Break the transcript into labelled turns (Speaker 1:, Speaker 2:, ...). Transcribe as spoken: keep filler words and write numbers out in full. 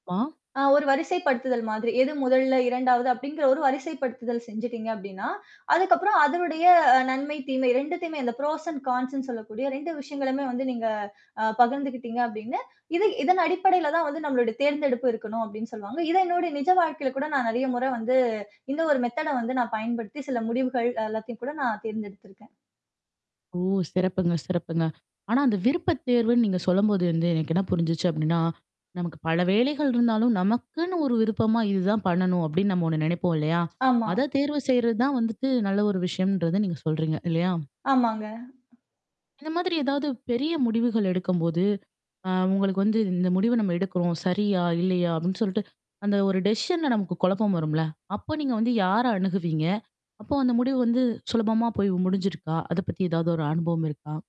Speaker 1: ஆமா.
Speaker 2: ஆ ஒரு வரிசைப்படுத்துதல் மாதிரி. எது முதல்ல இரண்டாவது அப்படிங்கிற ஒரு வரிசைப்படுத்துதல் செஞ்சுட்டீங்க அப்ப்டின்னா, அதுக்கப்புறம் அதனடைய நன்மை தீமை ரெண்டுத்தையுமே இந்த ப்ரோசன் கான்ஸ்ன்னு சொல்லக்கூடிய விஷயங்களுமே வந்து நீங்க அ பகிர்ந்துக்கிட்டீங்க அப்படின்னு, இது இதன் அடிப்படையில தான் வந்து நம்மளுடைய தேர்ந்தெடுப்பு இருக்கணும் அப்படின்னு சொல்லுவாங்க. இது என்னுடைய நிஜ வாழ்க்கையில கூட நான் நெறைய முற வந்து இந்த ஒரு மெத்தேட வந்து நான் பயன்படுத்தி சில முடிவுகள் எல்லாத்தையும் கூட நான் தேர்ந்தெடுத்திருக்கேன்.
Speaker 1: ஓ! சிறப்புங்க, சிறப்புங்க. ஆனா அந்த விருப்ப தேர்வுன்னு நீங்க சொல்லும்போது வந்து எனக்கு என்ன புரிஞ்சுச்சு அப்படின்னா, நமக்கு பல வேலைகள் இருந்தாலும் நமக்குன்னு ஒரு விருப்பமா இதுதான் பண்ணணும் அப்டின்னு நம்ம ஒண்ணு நினைப்போம் இல்லையா?
Speaker 2: ஆமா.
Speaker 1: அத தேர்வு செய்றது தான் வந்துட்டு நல்ல ஒரு விஷயம்ன்றத நீங்க சொல்றீங்க. இல்லையா?
Speaker 2: ஆமாங்க.
Speaker 1: இந்த மாதிரி ஏதாவது பெரிய முடிவுகள் எடுக்கும்போது. அ உங்களுக்கு வந்து "இந்த முடிவ நம்ம எடுக்குறோம். சரியா? இல்லையா?" அப்படின்னு சொல்லிட்டு அந்த ஒரு டெஷிஷன்ல நமக்கு குழப்பம் வரும்ல? அப்போ நீங்க வந்து யார அணுகுவீங்க? அப்போ அந்த முடிவு வந்து சுலபமா போய் முடிஞ்சிருக்கா? அத பத்தி ஏதாவது ஒரு அனுபவம் இருக்கா?